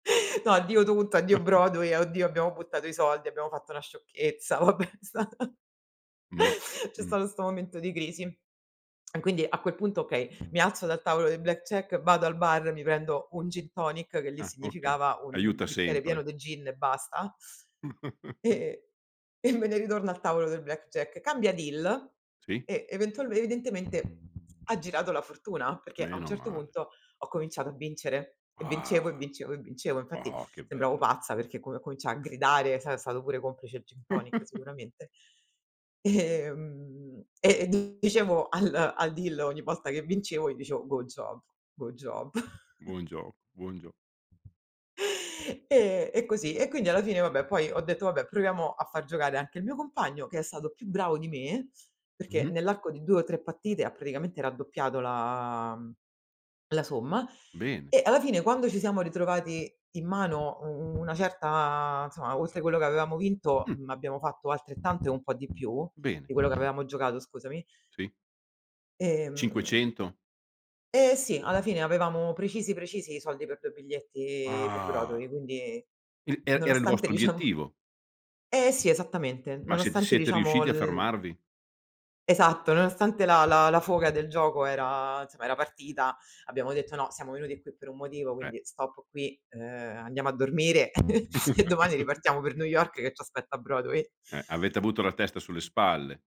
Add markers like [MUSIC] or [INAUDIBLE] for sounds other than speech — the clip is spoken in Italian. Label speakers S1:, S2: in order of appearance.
S1: No, addio tutto, addio
S2: [CHUCKLES]
S1: Broadway, a oddio abbiamo buttato i soldi, abbiamo fatto una sciocchezza. Vabbè, è stata
S2: Ma
S1: c'è
S2: Mh.
S1: stato 'sto momento di crisi. [SMACKS LIPS] Quindi a quel punto okay, mi alzo dal tavolo del blackjack, vado al bar, mi prendo un gin tonic, che lì
S2: Ah okay.
S1: significava un
S2: Aiuta
S1: bicchiere pieno
S2: sempre.
S1: de gin e basta,
S2: [CHUCKLES]
S1: e e me ne ritorno al tavolo del blackjack. Cambia deal
S2: Sì
S1: e eventualme evidentemente ha girato la fortuna, perché a un
S2: Meno
S1: certo
S2: male.
S1: punto ho cominciato a vincere. E vincevo, e
S2: Ah.
S1: vincevo, e vincevo. Infatti
S2: Oh che
S1: sembravo
S2: bello.
S1: pazza perché co cominciai a gridare, sai è stato pure complice il gin tonic
S2: [CHUCKLES]
S1: sicuramente. Ehm, e, ehm, dicevo al al deal ogni volta che vincevo, io dicevo: "Good job, good job." [CHUCKLES]
S2: Buon gio buon gio
S1: E e così. E quindi alla fine vabbè, poi ho detto: "Vabbè, proviamo a fà giocare anche il mio compagno", che è stato più bravo di me, perché
S2: Mh-mh.
S1: nell'arco di 2 o 3 partite ha praticamente raddoppiato la la somma
S2: Bene.
S1: e alla fine quando ci siamo ritrovati in mano u una certa insomma, oltre quello che avevamo vinto,
S2: Mh.
S1: abbiamo fatto altrettanto e un po' di più
S2: Bene.
S1: di quello che avevamo giocato scusami.
S2: Sì.
S1: Ehm
S2: 500?
S1: Ehm, sì, alla fine avevamo precisi precisi i soldi per 2 biglietti per
S2: Ah.
S1: Broadway, quindi
S2: Il er era il
S1: nonostante
S2: vostro
S1: diciamo
S2: obiettivo?
S1: eh sì, esattamente,
S2: Ma siete
S1: nonostante
S2: siete
S1: diciamo
S2: riusciti a
S1: l
S2: fermarvi?
S1: Esatto, nonostante la la la foga del gioco era, insomma era partita, abbiamo detto: "No, siamo venuti qui per un motivo,
S2: Eh.
S1: quindi stop qui, ehm, andiamo a dormire [CHUCKLES] e domani ripartiamo per New York
S2: [CHUCKLES]
S1: che c'aspetta Broadway."
S2: Eh, avete avuto la testa sulle spalle.